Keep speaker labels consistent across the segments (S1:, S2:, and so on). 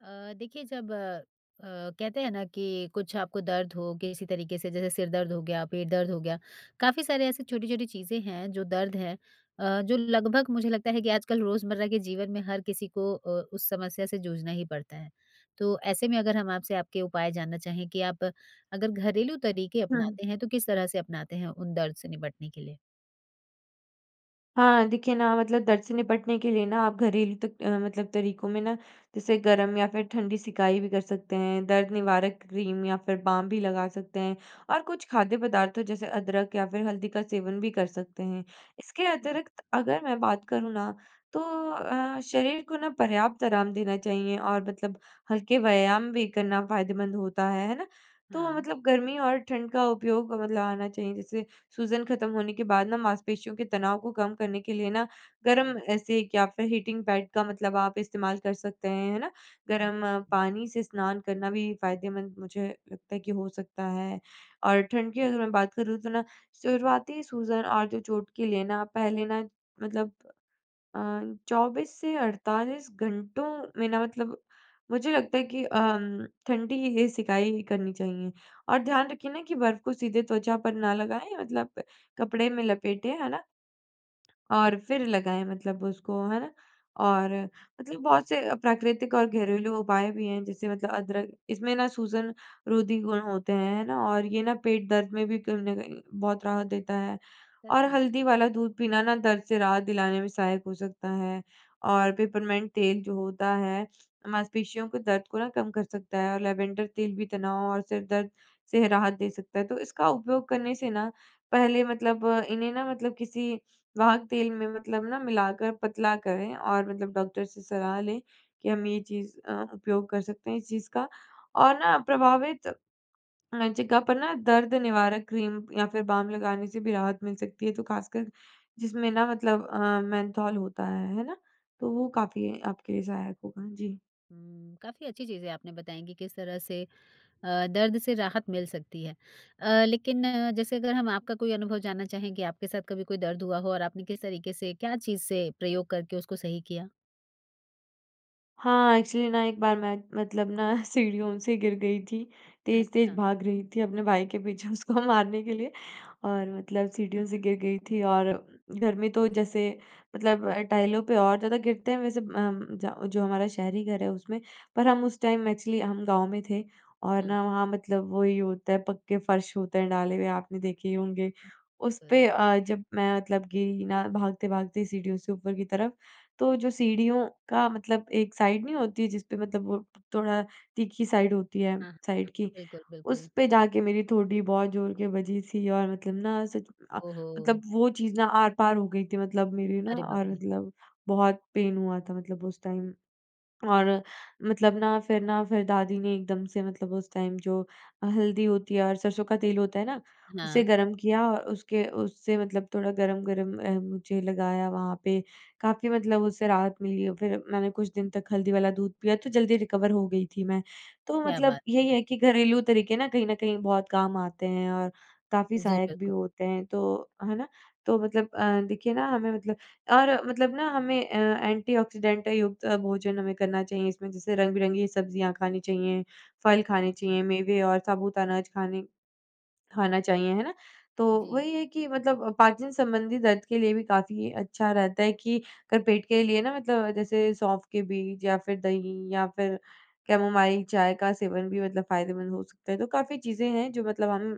S1: अ, देखिए जब अ, कहते हैं ना कि कुछ आपको दर्द हो किसी तरीके से, जैसे सिर दर्द हो गया, पेट दर्द हो गया। काफ़ी सारे ऐसे छोटी-छोटी चीज़ें हैं जो दर्द है अ, जो लगभग मुझे लगता है कि आजकल रोज़मर्रा के जीवन में हर किसी को अ, उस समस्या से जूझना ही पड़ता है। तो ऐसे में अगर हम आपसे आपके उपाय जानना चाहें कि आप अगर घरेलू तरीके
S2: हुँ, हुँ।
S1: अपनाते हैं तो किस तरह से अपनाते हैं उन दर्द से निपटने के लिए?
S2: हाँ, देखिए ना मतलब दर्द से निपटने के लिए ना आप घरेलू तक अ, मतलब तरीकों में ना जैसे गर्म या फिर ठंडी सिकाई भी कर सकते हैं। दर्द निवारक क्रीम या फिर बाम भी लगा सकते हैं और कुछ खाद्य पदार्थों जैसे अदरक या फिर हल्दी का सेवन भी कर सकते हैं। इसके
S1: हाँ।
S2: अतिरिक्त अगर मैं बात करूँ ना, तो अ, शरीर को ना पर्याप्त आराम देना चाहिए और मतलब हल्के व्यायाम भी करना फ़ायदेमंद होता है। है ना? तो
S1: हाँ।
S2: मतलब गर्मी और ठंड का उपयोग मतलब आना चाहिए। जैसे सूजन खत्म होने के बाद ना, मांसपेशियों के तनाव को कम करने के लिए ना गर्म ऐसे एक या फिर हीटिंग पैड का मतलब आप इस्तेमाल कर सकते हैं। है ना? गर्म
S1: [unintelligible]
S2: पानी से स्नान करना भी फ़ायदेमंद मुझे लगता है कि हो सकता है। और ठंड की अगर मैं बात करूँ तो ना शुरुआती सूजन और जो चोट के लिए ना पहले ना मतलब अ, 24 से 48 घंटों में ना मतलब, मुझे लगता है कि अ, उम, ठंडी ही सिकाई करनी चाहिए। और ध्यान रखिए ना कि बर्फ़ को सीधे त्वचा पर ना लगाएँ मतलब कपड़े में लपेटे। है ना? और
S1: अच्छा।
S2: फिर लगाएँ मतलब उसको है ना? और मतलब बहुत से प्राकृतिक और घरेलू उपाय भी हैं। जैसे मतलब अदरक इसमें ना सूजन-रोधी गुण होते हैं, है ना? और ये ना पेट दर्द में भी कहीं न कहीं बहुत राहत देता है,
S1: सच
S2: और
S1: में?
S2: हल्दी वाला दूध पीना ना दर्द से राहत दिलाने में सहायक हो सकता है। और पिपरमिंट तेल जो होता है, मांसपेशियों को दर्द को ना कम कर सकता है और लैवेंडर तेल भी तनाव और सिर दर्द से राहत दे सकता है। तो इसका उपयोग करने से ना पहले मतलब इन्हें ना मतलब किसी वाहक तेल में मतलब ना मिलाकर पतला करें और मतलब डॉक्टर से सलाह लें कि हम ये चीज़ अ, उपयोग कर सकते हैं इस चीज़ का? और ना प्रभावित जगह पर ना दर्द निवारक क्रीम या फिर बाम लगाने से भी राहत मिल सकती है, जो ख़ासकर जिसमें ना मतलब अ, मेन्थॉल होता है। है ना? तो वो काफ़ी आपके लिए सहायक होगा। जी।
S1: ऊँ, काफ़ी अच्छी चीज़ें आपने बताएँ कि किस तरह से अ, दर्द से राहत मिल सकती है। अ, लेकिन जैसे अगर हम आपका कोई अनुभव जानना चाहें कि आपके साथ कभी कोई दर्द हुआ हो और आपने किस तरीके से क्या चीज़ से प्रयोग करके उसको सही किया?
S2: हाँ। एक्चुअली ना एक बार मैं मतलब ना सीढ़ियों से गिर गई थी तेज़-तेज़
S1: अच्छा।
S2: भाग रही थी अपने भाई के पीछे उसको मारने के लिए और मतलब सीढ़ियों से गिर गई थी और घर में तो जैसे मतलब टाइलों पे और ज़्यादा गिरते हैं। वैसे अम ज जो हमारा शहरी घर है उसमें पर हम उस टाइम एक्चुअली हम गाँव में थे और
S1: हाँ।
S2: ना वहाँ मतलब वही होता है पक्के फ़र्श होते हैं डाले हुए आपने देखे ही होंगे उस पे
S1: हुँ।
S2: अ, जब मैं मतलब गिरी ना भागते-भागते सीढ़ियों से ऊपर की तरफ तो जो सीढ़ियों का मतलब एक साइड नहीं होती जिस पे मतलब वो थोड़ा तीखी साइड होती है।
S1: हाँ।
S2: साइड की
S1: बिल्कुल,
S2: उस
S1: बिल्कुल।
S2: पे जाकर मेरी ठोड़ी बहुत ज़ोर के बजी थी और मतलब ना उस अ,
S1: ओह
S2: मतलब
S1: हो।
S2: वो चीज़ ना आर-पार हो गई थी मतलब मेरी ना
S1: अरे बाप
S2: और
S1: रे।
S2: मतलब बहुत पेन हुआ था मतलब उस टाइम और मतलब ना फिर ना फिर दादी ने एकदम से मतलब उस टाइम जो हल्दी होती है और सरसों का तेल होता है ना, उसे
S1: हाँ।
S2: गर्म किया और उसके उससे मतलब थोड़ा गर्म-गर्म म मुझे लगाया वहाँ पे काफ़ी मतलब उससे राहत मिली और फिर मैंने कुछ दिन तक हल्दी वाला दूध पिया तो जल्दी रिकवर हो गई थी। मैं तो
S1: क्या
S2: मतलब
S1: बात है।
S2: यही है कि घरेलू तरीके ना कहीं न कहीं बहुत काम आते हैं और काफ़ी
S1: जी,
S2: सहायक भी
S1: बिल्कुल।
S2: होते हैं तो है ना? तो मतलब देखिए ना हमें मतलब और मतलब ना हमें अ, एंटीऑक्सीडेंट युक्त भोजन हमें करना चाहिए। इसमें जैसे रंग-बिरंगी सब्ज़ियाँ खानी चाहिए फल खाने
S1: हुँ, हुँ,
S2: चाहिए
S1: हुँ।
S2: मेवे और साबुत अनाज खाने खाना चाहिए है ना, तो
S1: जी।
S2: वही है कि मतलब पाचन संबंधी दर्द के लिए भी काफ़ी अच्छा रहता है कि अगर पेट के लिए ना मतलब जैसे सौंफ के बीज या फिर दही या फिर कैमोमाइल चाय का सेवन भी मतलब फ़ायदेमंद हो सकता है तो काफ़ी चीज़ें हैं। जो मतलब हम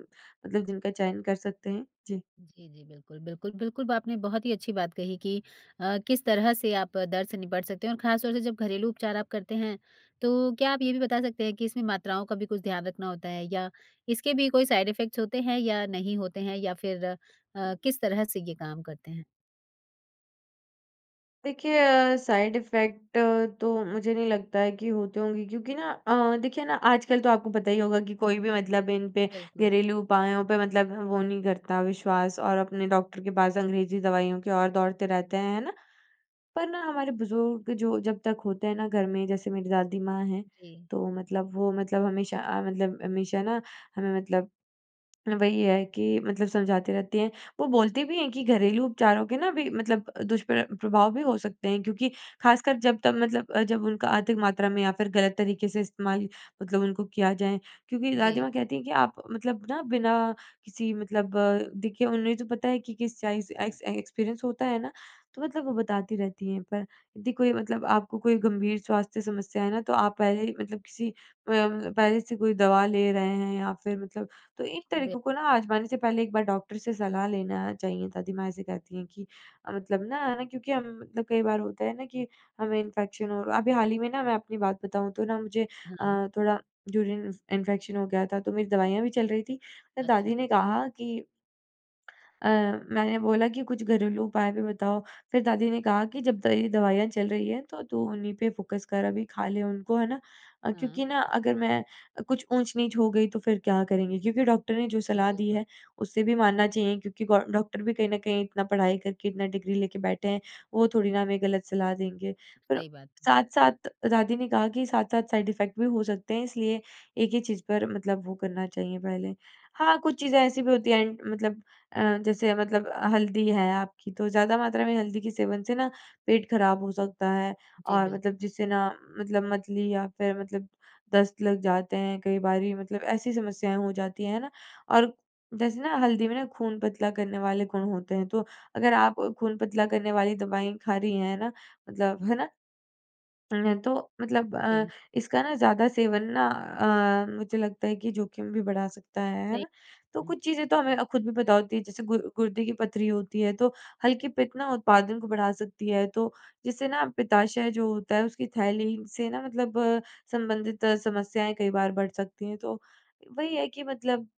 S2: मतलब जिनका चयन कर सकते हैं। जी।
S1: जी, जी। बिल्कुल, बिल्कुल, बिल्कुल। आपने बहुत ही अच्छी बात कही कि अ, किस तरह से आप दर्द से निपट सकते हैं और ख़ास तौर से जब घरेलू उपचार आप करते हैं तो क्या आप ये भी बता सकते हैं कि इसमें मात्राओं का भी कुछ ध्यान रखना होता है? या इसके भी कोई साइड इफ़ेक्ट्स होते हैं या नहीं होते हैं? या फिर अ, किस तरह से ये काम करते हैं?
S2: देखिए अ, साइड इफेक्ट तो मुझे नहीं लगता है कि होते होंगे क्योंकि ना अ, देखिए ना आजकल तो आपको पता ही होगा कि कोई भी मतलब इन पे
S1: बिल्कुल।
S2: घरेलू उपायों पे मतलब वो नहीं करता विश्वास और अपने डॉक्टर के पास अंग्रेजी दवाइयों के ओर दौड़ते रहते हैं, है ना? पर ना हमारे बुज़ुर्ग जो जब तक होते हैं ना घर में, जैसे मेरी दादी माँ हैं,
S1: जी।
S2: तो मतलब वो मतलब हमेशा अ, मतलब हमेशा ना हमें मतलब, वही है कि मतलब समझाते रहती है, वो बोलते भी हैं कि घरेलू उपचारों के ना भी मतलब अ, दुष्प्र प्रभाव भी हो सकते हैं क्योंकि खासकर जब तब मतलब अ, जब उनका अधिक मात्रा में या फिर गलत तरीके से इस्तेमाल, मतलब उनको किया जाए। क्योंकि दादी
S1: जी।
S2: माँ कहती हैं कि आप मतलब ना बिना किसी मतलब देखिए उन्हें तो पता है कि किस चाइस एक्स अ, एक्सपीरियंस होता है ना, तो मतलब वो बताती रहती हैं, पर यदि कोई मतलब आपको कोई गंभीर स्वास्थ्य समस्या है ना तो आप पहले ही मतलब किसी अ, म पहले से कोई दवा ले रहे हैं या फिर मतलब तो एक
S1: बिल
S2: तरीकों को ना आज़माने से पहले एक बार डॉक्टर से सलाह लेना चाहिए। दादी माँ ऐसे कहती हैं कि मतलब ना है ना, क्योंकि हम मतलब कई बार होता है ना कि हमें इन्फेक्शन हो र अभी हाल ही में ना मैं अपनी बात बताऊँ तो ना मुझे,
S1: हाँ।
S2: अ, थोड़ा यूरिन इन्फेक्शन हो गया था तो मेरी दवाइयाँ भी चल रही थी।
S1: अच्छा।
S2: दादी ने कहा कि अ, मैंने बोला कि कुछ घरेलू उपाय भी बताओ, फिर दादी ने कहा कि, "जब तेरी दवाइयाँ चल रही हैं तो तू उन्हीं पे फ़ोकस कर अभी खा ले उनको, है ना? अ,
S1: हाँ।
S2: क्योंकि ना अगर मैं अ, कुछ ऊँच-नीच हो गई तो फिर क्या करेंगे? क्योंकि डॉक्टर ने जो सलाह दी
S1: बिल्कुल।
S2: है, उसे भी मानना चाहिए क्योंकि गौ डॉक्टर भी कहीं न कहीं इतना पढ़ाई करके इतना डिग्री लेके बैठे हैं, वो थोड़ी ना हमें गलत सलाह देंगे।" फिर
S1: सही बात है।
S2: साथ-साथ दादी ने कहा कि साथ-साथ साइड इफेक्ट भी हो सकते हैं इसलिए एक ही चीज़ पर मतलब वो करना चाहिए पहले। हाँ, कुछ चीज़ें ऐसी भी होती हैं एंड मतलब अ, जैसे मतलब हल्दी है आपकी तो ज़्यादा मात्रा में हल्दी के सेवन से ना पेट खराब हो सकता है
S1: जी
S2: और
S1: बिल
S2: मतलब जिससे ना मतलब मतली या फिर मतलब दस्त लग जाते हैं कई बारी मतलब ऐसी समस्याएँ हो जाती हैं। है ना? और जैसे ना हल्दी में ना खून पतला करने वाले गुण होते हैं, तो अगर आप खून पतला करने वाली दवाई खा रही हैं ना मतलब है ना? है तो मतलब अ,
S1: अई
S2: इसका ना ज़्यादा सेवन ना अ, मुझे लगता है कि जोखिम भी बढ़ा सकता है, है
S1: सही,
S2: ना? तो
S1: हुँ।
S2: कुछ चीज़ें तो हमें अ, खुद भी पता होती हैं जैसे गुर गुर्दे की पथरी होती है तो हल्की पित्त ना उत्पादन को बढ़ा सकती है, तो जिससे ना पिताशय जो होता है उसकी थैली से ना मतलब संबंधित समस्याएँ कई बार बढ़ सकती हैं। तो, वही है कि मतलब,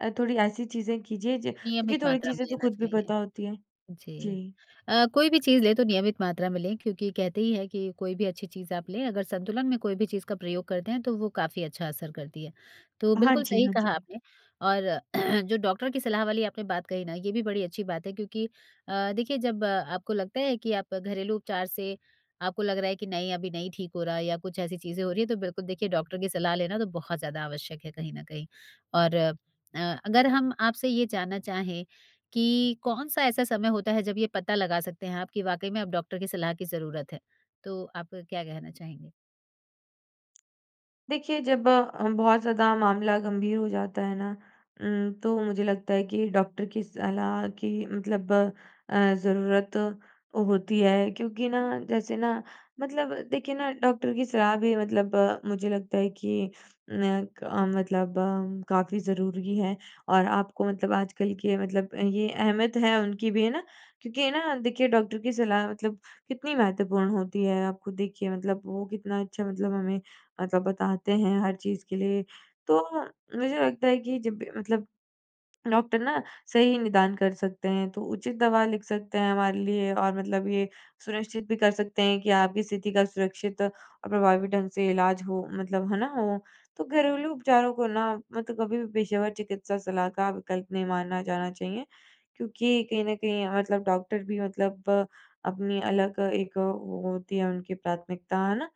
S2: अ, थोड़ी ऐसी चीज़ें कीजिए ज
S1: नियमित
S2: क्योंकि थोड़ी
S1: मात्रा
S2: चीज़ें
S1: में
S2: तो
S1: लेना
S2: खुद भी
S1: चाहिए।
S2: पता होती है।
S1: जी।
S2: जी।
S1: अ, कोई भी चीज़ लें तो नियमित मात्रा में लें क्योंकि कहते ही है कि कोई भी अच्छी चीज़ आप लें अगर संतुलन में कोई भी चीज़ का प्रयोग करते हैं, तो वो काफ़ी अच्छा असर करती है। तो
S2: हाँ
S1: बिल्कुल
S2: जी,
S1: सही
S2: हाँ
S1: कहा
S2: जी।
S1: आपने, और जो डॉक्टर की सलाह वाली आपने बात कही न, ये भी बड़ी अच्छी बात है क्योंकि, अ, देखिए जब आपको लगता है कि आप घरेलू उपचार से, आपको लग रहा है कि नहीं अभी नहीं ठीक हो रहा है या कुछ ऐसी चीज़ें हो रही हैं, तो बिल्कुल देखिए डॉक्टर की सलाह लेना तो बहुत ज़्यादा आवश्यक है कहीं न कहीं। और, अ, अगर हम आपसे ये जानना चाहें, कि कौन सा ऐसा समय होता है जब ये पता लगा सकते हैं आप कि वाक़ई में अब डॉक्टर की सलाह की ज़रूरत है? तो आपका क्या कहना चाहेंगे?
S2: देखिए, जब अ, बहुत ज़्यादा मामला गंभीर हो जाता है ना उम्म तो मुझे लगता है कि डॉक्टर की सलाह की मतलब अ, ज़रूरत होती है, क्योंकि ना जैसे ना मतलब देखिए ना डॉक्टर की सलाह भी मतलब मुझे लगता है कि नय क मतलब काफ़ी ज़रूरी है और आपको मतलब आजकल के मतलब ये अहमियत है उनकी भी है ना? क्योंकि है ना देखिए डॉक्टर की सलाह मतलब कितनी महत्वपूर्ण होती है। आप खुद देखिए मतलब वो कितना अच्छा मतलब हमें मतलब बताते हैं हर चीज़ के लिए, तो मुझे लगता है कि जब भी मतलब डॉक्टर ना सही निदान कर सकते हैं, तो उचित दवा लिख सकते हैं हमारे लिए और मतलब ये सुनिश्चित भी कर सकते हैं कि आपकी स्थिति का सुरक्षित प्रभावी ढंग से इलाज हो मतलब। है ना? तो घरेलू उपचारों को ना मैं तो कभी भी पेशेवर चिकित्सा सलाह का विकल्प नहीं मानना जाना चाहिए। क्योंकि कहीं न कहीं मतलब डॉक्टर भी मतलब अपनी अलग एक वो होती है उनकी प्राथमिकता है ना?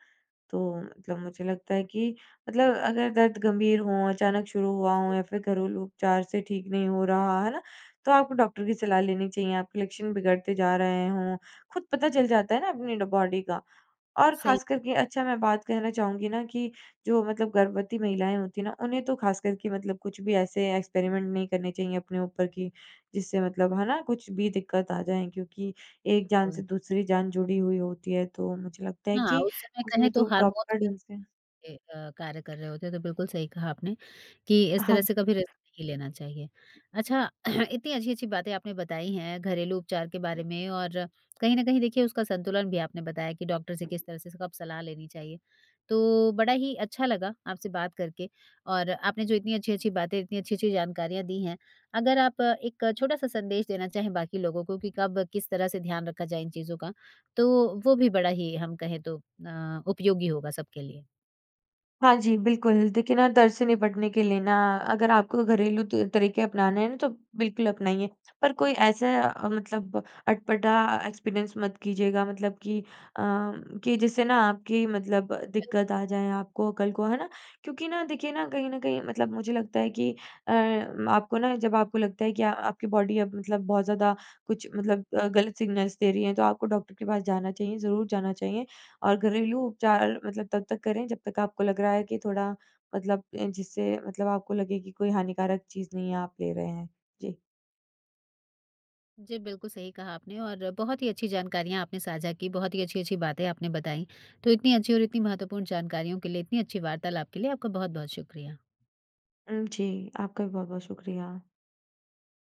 S2: तो मतलब मुझे लगता है कि मतलब अगर दर्द गंभीर हो, अचानक शुरू हुआ हो, या फिर घरेलू उपचार से ठीक नहीं हो रहा है, तो आपको डॉक्टर की सलाह लेनी चाहिए। आपके लक्षण बिगड़ते जा रहे हो। खुद पता चल जाता है ना अपनी ड बॉडी का और
S1: सही।
S2: खास कर के अच्छा मैं बात कर कहना चाहूँगी ना कि जो मतलब गर्भवती महिलाएँ होती हैं ना, उन्हें तो खासकर के मतलब कुछ भी ऐसे एक्सपेरिमेंट नहीं करने चाहिए अपने ऊपर, की जिससे मतलब है ना कुछ भी दिक्कत आ जाए। क्योंकि एक जान
S1: बिल्कुल।
S2: से दूसरी जान जुड़ी हुई होती है, तो मुझे लगता है
S1: हाँ,
S2: कि
S1: उस समय कहें
S2: उसमें
S1: तो
S2: तो
S1: हार्मोन्स
S2: प्रॉपर ढंग से
S1: भी ए अ, कार्य कर रहे होते हैं, तो बिल्कुल सही कहा आपने कि इस
S2: हाँ,
S1: तरह से कभी
S2: जी।
S1: रिस्क नहीं लेना चाहिए। अच्छा, इतनी अच्छी-अच्छी बातें आपने बताई हैं घरेलू उपचार के बारे में और कहीं न कहीं देखिए उसका संतुलन भी आपने बताया कि डॉक्टर से किस तरह से स कब सलाह लेनी चाहिए, तो बड़ा ही अच्छा लगा आपसे बात करके। और आपने जो इतनी अच्छी-अच्छी बातें, इतनी अच्छी-अच्छी जानकारियाँ दी हैं, अगर आप एक छोटा-सा संदेश देना चाहें बाकी लोगों को कि कब किस तरह से ध्यान रखा जाए इन चीज़ों का, तो वो भी बड़ा ही हम कहें तो अ, उपयोगी होगा सबके लिए।
S2: हाँ जी, बिल्कुल देखिए ना दर्द से निपटने के लिए ना अगर आपको घरेलू तुर तरीके अपनाने हैं ना, तो बिल्कुल अपनाइए। पर कोई ऐसा मतलब अटपटा एक्सपीरियंस मत कीजिएगा। मतलब कि अ, कि जिससे ना आपकी मतलब
S1: बिल्क
S2: दिक्कत आ जाए आपको कल को। है ना? क्योंकि ना देखिए ना कहीं न कहीं मतलब मुझे लगता है है कि अ, आपको ना जब आपको लगता है कि आपकी बॉडी अब मतलब बहुत ज़्यादा कुछ मतलब अ, गलत सिग्नल्स दे रही है, तो आपको डॉक्टर के पास जाना चाहिए। ज़रूर जाना चाहिए और घरेलू उपचार मतलब तब तक करें, जब तक आपको लग रहा है कि थोड़ा मतलब जिससे मतलब आपको लगे की कोई हानिकारक चीज़ नहीं आप ले रहे हैं। जी।
S1: जी, बिल्कुल सही कहा आपने और बहुत ही अच्छी जानकारियाँ आपने साझा की, बहुत ही अच्छी-अच्छी बातें आपने बताई। तो इतनी अच्छी और इतनी महत्वपूर्ण जानकारियों के लिए, इतनी अच्छी वार्तालाप के लिए आपका बहुत-बहुत शुक्रिया।
S2: हुँ। जी आपका भी बहुत-बहुत शुक्रिया।